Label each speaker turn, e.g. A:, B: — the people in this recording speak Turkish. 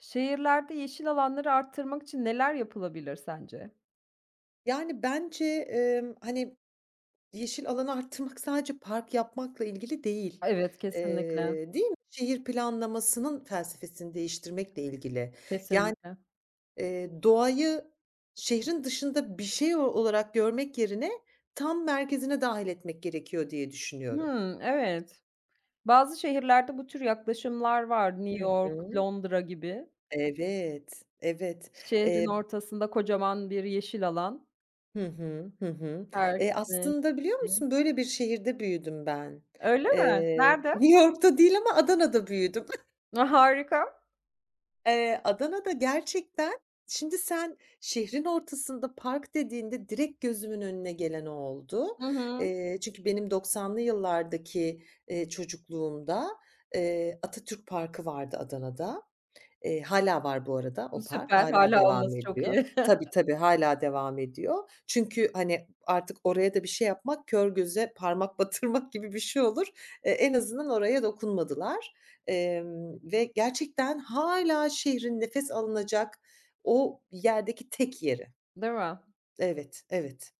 A: Şehirlerde yeşil alanları arttırmak için neler yapılabilir sence?
B: Yani, bence, emm, hani, yeşil alanı arttırmak sadece park yapmakla ilgili değil.
A: Evet, kesinlikle.
B: Eee, değil mi? Şehir planlamasının felsefesini değiştirmekle ilgili. Ya
A: Kesinlikle.
B: eee, doğayı şehrin dışında bir şey o olarak görmek yerine tam merkezine dâhil etmek gerekiyor diye düşünüyorum.
A: Hıı, evet. Bazı şehirlerde bu tür yaklaşımlar var. New
B: Hı
A: York,
B: hı.
A: Londra gibi.
B: Evet. Evet.
A: Şehrin
B: Eee.
A: ortasında kocaman bir yeşil alan.
B: Hı hı. Hı hı. Eee,
A: Herkesin
B: aslında biliyor
A: erişebildiği.
B: musun? Böyle bir şehirde büyüdüm ben.
A: Öyle mi?
B: Eee,
A: Nerede?
B: New York'ta değil ama Adana'da büyüdüm.
A: A, harika!
B: Eee, Adana'da gerçekten şimdi sen şehrin ortasında park dediğinde direkt gözümün önüne gelen o oldu.
A: Hı hı.
B: Eee, çünkü benim doksanlı yıllardaki, eee, çocukluğumda, eee, Atatürk Parkı vardı Adana'da. Eee, hâlâ var bu arada o park.
A: Süper,
B: Hâlâ
A: hâlâ
B: devam
A: olması çok iyi.
B: ediyor. Tabii, tabii hâlâ devam ediyor. Çünkü, hani, artık oraya da bir şey yapmak kör göze parmak batırmak gibi bir şey olur. E en azından oraya dokunmadılar. Emm ve gerçekten hâlâ şehrin nefes alınacak o yerdeki tek yeri.
A: Değil mi?
B: Evet, evet.